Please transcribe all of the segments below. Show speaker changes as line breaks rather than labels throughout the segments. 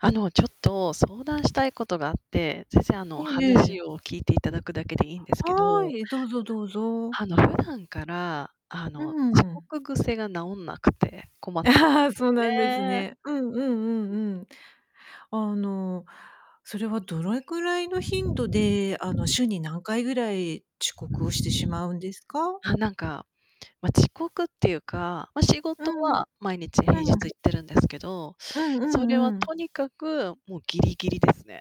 あの、ちょっと相談したいことがあって、全然あ
え
の、
えええ。
話を聞いていただくだけでいいんですけ
は
ど。
い、どうぞどうぞ。
あの普段から、あ
うー
の、遅
ん。
刻癖が治んなくて困ってるんで
そう
す
なんです
よね。
ね。うんうんうんうん。あの、それはどれくらいの頻度で、あの、週に何回ぐらい、遅刻をしてしまうんですか？
あ、なんか、ま、遅刻っていうか、ま、仕
う
事
んうん。
は、毎日平日
う
行っ
ん。
てるんですけど、
うんう
それ
ん
は
うん。
とにかく、もうギリギリですね。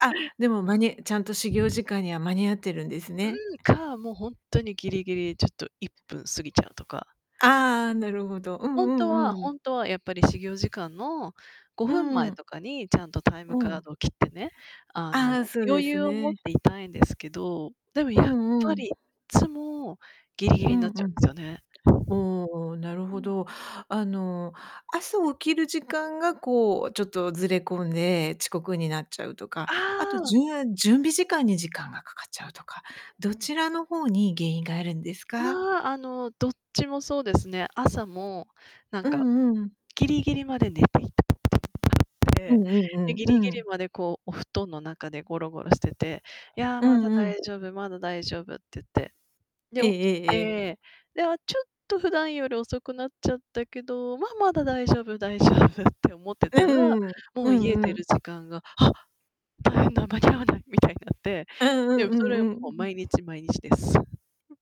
あ、でも、まにちゃんと始業時間には間に合ってるんですね。
うん、か、もう本当にぎりぎりちょっと1分過ぎちゃうとか。
ああ、なるほど。うん
本
う
当は、
んうん。
本当はやっぱり始業時間の、ご
うー
ふんまえ
ん。
とかにちゃんとタイム
う
カー
ん。
ドを切ってね、あの、
ああ、そうで
余
す
裕を持っ
ね。
ていたいんですけど、でも
う
やっ
ん
ぱ
うん。
り、いつも、ギリギリ
う
にな
ん-
っち
う
ゃうんで
ん。
すよね。
おお、なる
う
ほ
ん。
ど。あの、朝起きる時間が、こう、ちょっとずれ込んで、遅刻になっちゃうとか
あ
あと、
あ。
じゅん準備時間に時間がかかっちゃうとか、どちらの方に原因があるんですか？
ま、あの、どっちもそうですね。朝も、なん
う
か、
んうん。
ギリギリまで寝ていたい。
う
で、
んうんう
ギ
ん
リギ
う
リ
ん。
までこう、お布団の中でゴロゴロしてて、「いや、
う
まだ
んうん。
大丈夫、まだ大丈夫」って言って。で、
ええ
起き
ええええ。
て、で、あ、ちょっと、普段より遅くなっちゃったけど、ま、まだ大丈夫、大丈夫って思って
う
たら、
ん、
も
う
う
ん
家
う
出る
ん。
時間が、「あ、大変だ、間に合わない」みたいになって。
うん
で
うん
も
う
それはもう、
んうん。
毎日、毎日です。